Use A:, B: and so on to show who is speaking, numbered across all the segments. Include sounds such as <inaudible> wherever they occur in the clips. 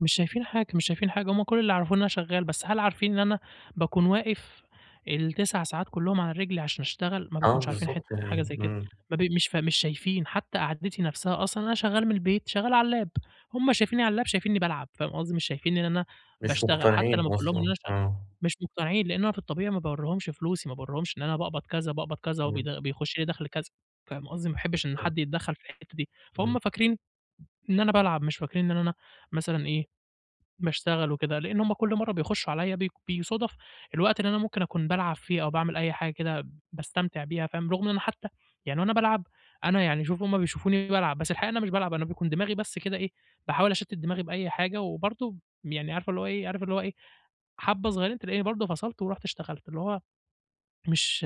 A: مش شايفين حاجة، مش شايفين حاجة، هُم كُلّ اللي يعرفوه إن أنا شغال، بس هل عارفين إن أنا باكون واقف ال9 ساعات كلّهم على رجلي عشان أشتغل؟ ما
B: آه
A: بيكونش عارفين
B: بالضبط،
A: حت حاجة
B: يعني
A: زي كده،
B: إمم.
A: ما بي مش ف مش شايفين حتى قعدتي نَفْسَها أصلًا، أنا شغال من البيت، شغال على اللاب، هُم شايفينني على اللاب شايفنني بالعب، فاهم قصدي، مش شايفين إن أنا
B: مش
A: باشتغل، حتى
B: مقتنعين
A: لما باقول لهم إن
B: أصلًا،
A: أنا شغ
B: آه.
A: مش مقتنعين، لأن أنا في الطبيعي ما باوريهمش فلوسي، ما باوريهمش إن أنا باقبض كذا، باقبض كذا،
B: إمم.
A: وبيد بيخش لي دخل كذا، فاهم قصدي، ما باحبش إن
B: <unintelligible>
A: حد يتدخل في الحتة دي،
B: إمم.
A: فهُم فاكرين إن أنا بالعب، مش فاكرين إن أنا مثلًا إيه، باشتغل وكده، لأن هُم كُلّ مَرّة بيخشوا عليَّ بي بيصادف الوقت اللي أنا ممكن أكون بالعب فيه أو باعمل أي حاجة كده باستمتع بيها، فاهم، رغم إن حتى يعني وأنا بالعب أنا يعني شوف هُم بيشوفوني بالعب، بس الحقيقة أنا مش بالعب، أنا بيكون دماغي بس كده إيه، باحاول أشتت دماغي بأي حاجة، وبرضه يعني عارفة اللي هو إيه عارف اللي هو إيه حبة صغيّرين، تلاقيني برضه فصلت ورُحت اشتغلت، اللي هو مش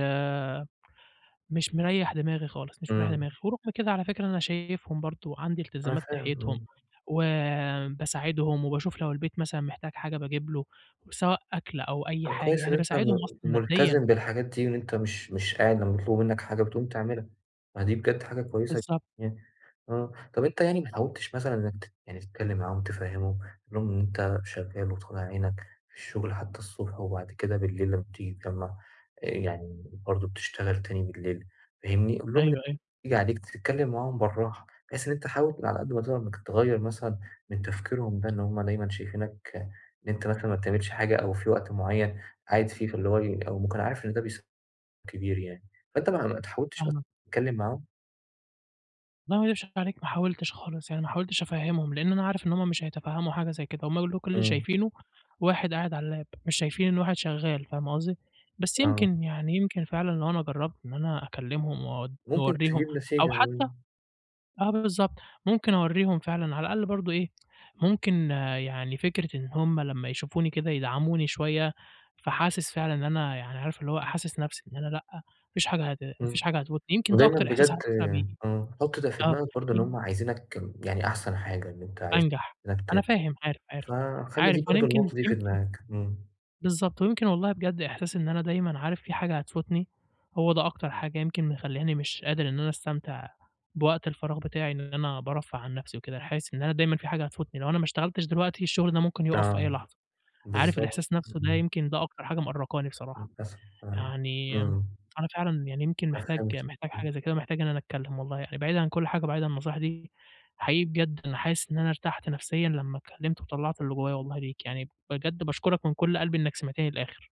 A: مش مريّح دماغي خالص، مش مريّح
B: إمم.
A: دماغي، ورغم كده على فكرة أنا شايفهم برضه عندي
B: أنا
A: إلتزامات
B: فاهم
A: ناحيتهم،
B: إمم.
A: وباساعدهم وباشوف لو البيت مثلًا محتاج حاجة باجيب له سواء أكْل أو أي
B: طَب
A: حاجة،
B: كويس إن
A: يعني
B: أنت
A: باساعدهم
B: م
A: أصلًا ماديًا.
B: ملتزم بالحاجات دي، إن أنت مش مش قاعد لمّا يطلبوا منك حاجة بتقوم تعملها، ف دي بجد حاجة كويسة
A: بالضبط.
B: <unintelligible> آه، طَب أنت يعني ما حاولتش مثلًا إنك ت يعني تتكلم معاهم، تفهّمهم، تقول لهم إن أنت شغال وطالع عينك في الشغل حتى الصبح، وبعد كده بالليل لمّا بتيجي تجمّع، آآ، يعني برضه بتشتغل تاني بالليل، فاهمني، قُل لهم إن <unintelligible>
A: أيوه أيوه.
B: ييجي عليك تتكلم معاهم بالراحة، بحيث إن أنت حاول على قدّ ما تقدر إنك تغيّر مثلًا من تفكيرهم ده، إن هُم دايمًا شايفينك إن أنت مثلًا ما بتعملش حاجة أو في وقت معيّن قاعد فيه، فاللي هو ال أو ممكن عارف إن ده <unintelligible> كبير يعني، فأنت ما ما تحاولتش مثلًا
A: فاهمك.
B: تتكلم معاهم؟
A: والله ما اكدبش عليك، ما حاولتش خالص، يعني ما حاولتش أفَهّمهُم، لإن أنا عارف إن هُم مش هيتفهّموا حاجة زي كده، هُم يل كُلّ اللي
B: إمم.
A: شايفينه واحد قاعد على اللاب، مش شايفين إني واحد شغال، فاهم قصدي، بس
B: آه.
A: يمكن، يعني يمكن فعلًا لو أنا جرّبت إن أنا أكلمهم وأود
B: ممكن
A: وأوريهم
B: تجيب
A: أو
B: نتيجة
A: حتى
B: <unintelligible>
A: آه بالضبط، ممكن أوريهم فعلًا، على الأقل برضه إيه، ممكن يعني فكرة إن هُم لمّا يشوفوني كده يدعموني شوية، فحاسس فعلًا إن أنا يعني عارف اللي هو حاسس نَفْسي إن أنا لأ ما فيش حاجة هت ما فيش
B: إمم،
A: حاجة هتو يمكن ده
B: ودايمًا
A: أكتر إحساس
B: بجد
A: على فكرة بييجي،
B: إمم، حُط ده في
A: آه
B: دماغك برضه إن
A: ي
B: هُم عايزينك يعني أحسن حاجة، إن أنت
A: أنجح،
B: عايزينك
A: أنا
B: ت
A: فاهم، عارف، عارف،
B: فخلّي
A: عارف،
B: دي
A: وأنا
B: برضه
A: يمكن
B: النقطة دي في
A: يمكن
B: دماغك، إمم.
A: بالضبط، ويمكن والله بجد إحساس إن أنا دايمًا عارف في حاجة هتفوتني، هو ده أكتر حاجة يمكن مخلّياني مش قادر إن أنا أستمتع بوقت الفراغ بتاعي، إن أنا بارفّه عن نَفْسي وكده، حاسس إن أنا دايمًا في حاجة هتفوتني لو أنا ما اشتغلتش دلوقتي، الشغل ده ممكن يقف في أي
B: آه،
A: لحظة، عارف
B: بالضبط،
A: الإحساس نَفْسُه ده،
B: إمم.
A: يمكن ده أكتر حاجة مأرقاني بصراحة،
B: للأسف فاهمك،
A: يعني
B: إمم.
A: أنا فعلًا يعني يمكن
B: أنا
A: محتاج
B: فهمتك،
A: محتاج حاجة
B: إمم.
A: زي كده، محتاج إن أنا أتكلم والله، يعني بعيدًا عن كُلّ حاجة وبعيدًا عن النصيحة دي حقيقي بجد أنا حاسس إن أنا ارتحت نَفسيًا لمّا اتكلمت وطَلّعت اللي جوايا والله ليك، يعني بجد باشكرك من كُلّ قلبي إنك سمعتني للآخر.